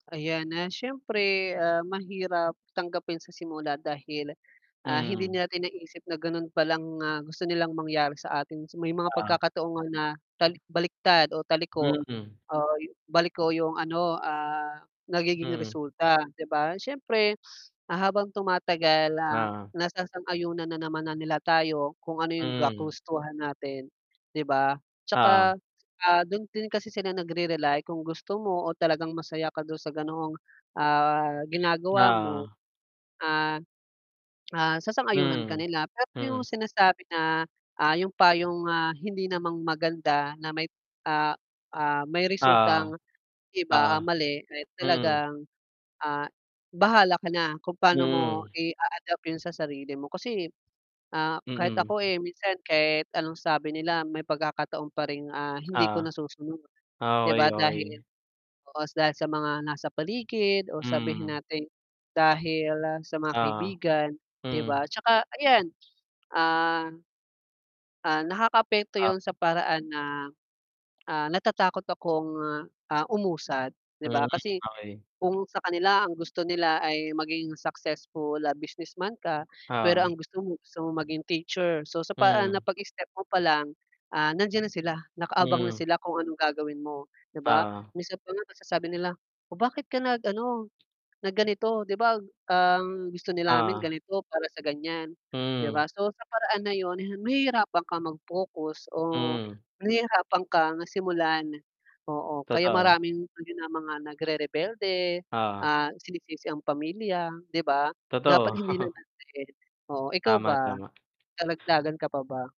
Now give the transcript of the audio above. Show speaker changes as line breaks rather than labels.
Ayan na, siyempre, ah, mahirap tanggapin sa simula dahil, ah, hindi
Mhm.
natin naisip na ganun palang, ah, gusto nilang mangyari sa atin may mga
Ah.
pagkakataon nga na tal baliktad o taliko
Mm.
o baliko yung ano, ah, nagiging
Mm.
resulta, 'di ba? Siyempre, ah, habang tumatagal, ah,
Ah.
nasasang-yunan na naman na nila tayo kung ano yung ga
Mm.
kagustuhan natin, 'di ba?
Oo.
'Tsaka, ah, dun din kasi sila nagre-rely, kung gusto mo o talagang masaya ka dun sa ganoong ah ginagawa mo.
Oo.
Ah, ah, sasang-ayunan ka
Mm,
nila. Pero yung
mm.
sinasabi na, ah, yung payong, ah, hindi naman maganda na may, ah, ah, may
Oo.
resultang iba
Oo.
ang mali ay
Mm.
talagang, ah, bahala ka na kung paano mo
Hmm.
i-aadapt yun sa sarili mo. Kasi, ah, kahit
Mm.
ako, eh, minsan kahit anong sabi nila may pagkakataon pa ring, ah, hindi ko
Oo.
nasusunod.
Ah,
'Di
okey
ba? dahil
okey.
oo dahil sa mga nasa paligid o sabihin
Mm.
nating dahil sa mga
Oo,
kaibigan, 'di
Mhm.
ba? 'tsaka ayan, ah, ah, nakakaapekto
Oh
yun sa paraan na, ah, natatakot akong, ah, umusad, 'di
Mhm,
ba? Kasi
okey.
kung sa kanila ang gusto nila ay maging successful na businessman ka pero
Oo.
ang gusto mo, gusto mo maging teacher, so, sa paraan na
Mhm.
pag-step mo pa lang, ah, nandiyan na sila, nakaabang na
Mhm.
sila, kung anong gagawin mo, 'di ba?
Oo.
Minsan pa nga masasabi nila, "oh, bakit ka nag ano, nag ganito? 'Di ba, ang gusto din namin
Oo.
ganito, para sa gan'yan", 'di
Mhm.
ba? So, sa paraan na 'yon, nahihirapan ka mag-focus o
Mhm.
nahihirapan kang simulan oo. Kaya
Totoo.
maraming mga nagrerebelde,
Oo.
ah, sinisisi ang pamilya, 'di ba?
Totoo.
Dapat hindi na naman eh, oo. Ikaw
Tama,
ba?
tama.
May dadagdagan ka pa ba?